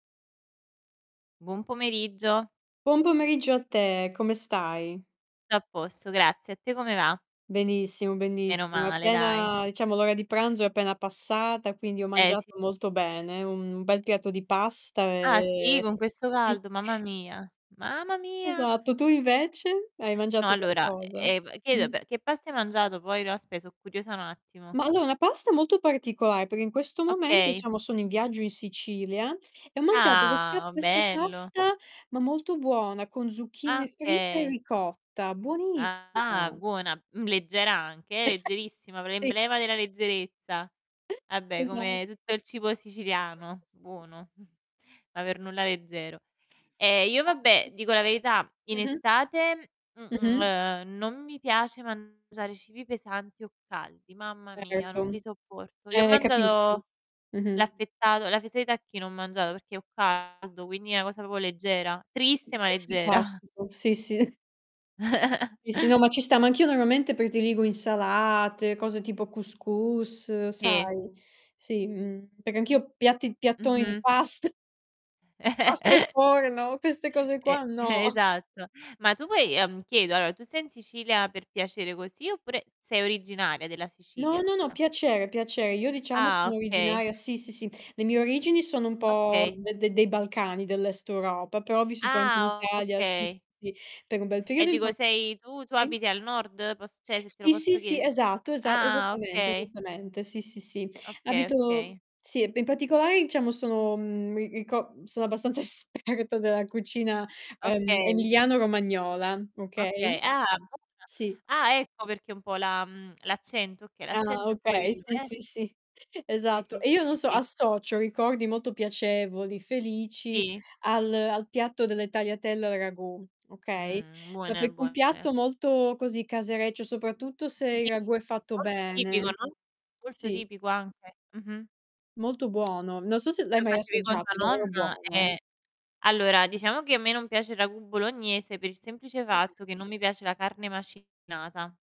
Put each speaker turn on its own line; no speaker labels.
Buon pomeriggio.
Buon pomeriggio a te, come stai?
T'a posto grazie. A te come va?
Benissimo,
Meno
benissimo
male, dai.
appena diciamo l'ora di pranzo è appena passata quindi ho
Eh, sì.
mangiato molto bene, un bel piatto di pasta,
Ah sì,
ehm
con questo
sì, sì.
caldo, mamma mia. Mamma mia!
Esatto, tu invece? Hai
No
mangiato
allora,
qualcosa?
e ehm, chiedo
Mh.
pe che pasta hai mangiato poi? No aspe' so' curiosa un attimo.
Ma allora una pasta molto particolare perché in questo momento
Okay.
diciamo sono in viaggio in Sicilia e ho mangiato questa
Ah!
questa
Bello.
pasta, ma molto buona, con zucchine
Ah,
fritte e
okay.
ricotta,
Ah,
buonissima.
buona, mhmm, leggera anche eh, leggerissima, p
Sì.
l'emblema della leggerezza. Vabbè
Esa
come tutto il cibo siciliano, buono, ma per nulla leggero. Ehm, io vabbè, dico la verità
[unintelligible]
in
Mh-mh.
estate, m m
Mh-mh.
ehm, non mi piace mangiare cibi pesanti o caldi, mamma mia non
Erto.
li sopporto. Io ho
Eh, capisco.
mangiato
Mh-mh.
l'affettato la fesa di tacchino ho mangiato perché ho caldo quindi è una cosa proprio leggera, triste ma
Eh sì,
leggera.
classico, sì, sì. Sì, sì, no ma ci sta, ma anch'io normalmente prediligo insalate, cose tipo cous cous
Sì.
sai? Sì, mhmm, perché anch'io piatti piattoni di
Mh-mh.
past pasta al forno, queste cose
E
qua no.
esatto. Ma tu vuoi ehm, chiedo, allora tu sei in Sicilia per piacere così oppure sei originaria della
No,
Sicilia?
no, no, piacere, piacer io diciamo
Ah,
sono
okay.
originaria sì, sì, sì. Le mie origini sono un po'
Okay.
de de dei Balcani, dell'est Europa, però ho vissuto anche in
Ah,
Italia sì, sì,
okay.
sì, per un bel
E
periodo in
dico
parti
sei tu tu
sì?
abiti al nord? Poss cioè se te lo
Sì, sì,
posso
sì,
chiede
esatto, esa
ah,
esattamente,
okay!
esattamente, sì, sì, sì.
Okay,
Abito
okay.
sì, e in particolare diciamo sono, mhmm, mi rico sono abbastanza esperta della cucina, ehm,
Okay.
emiliano-romagnola,
Okay,
okay?
ah buona!
Sì.
Ah, ecco perché un po' la mhmm, l'accento. Okay,
Ah no,
l'accento è
okay,
quello,
sì,
eh.
sì, sì,
Sì,
esatto,
sì,
e io non
sì,
so,
sì.
associo ricordi molto piacevoli, felici,
Sì.
al al piatto delle tagliatelle al ragù, okay.
Mh,
No
buone,
perch un
buone.
piatto molto, così, casereccio soprattutto se il
Sì
ragù è fatto
molto tipico,
bene.
no, molto
Sì.
tipico anche. Mh-mh.
Molto buono. Non so se l'hai
Lo
mai
facevi con
assaggiato,
tua
è davvero
nonna?
buono, eh.
Eh. Allora, diciamo che a me non piace il ragù bolognese per il semplice
Mh-mh.
fatto che non mi piace la carne macinata.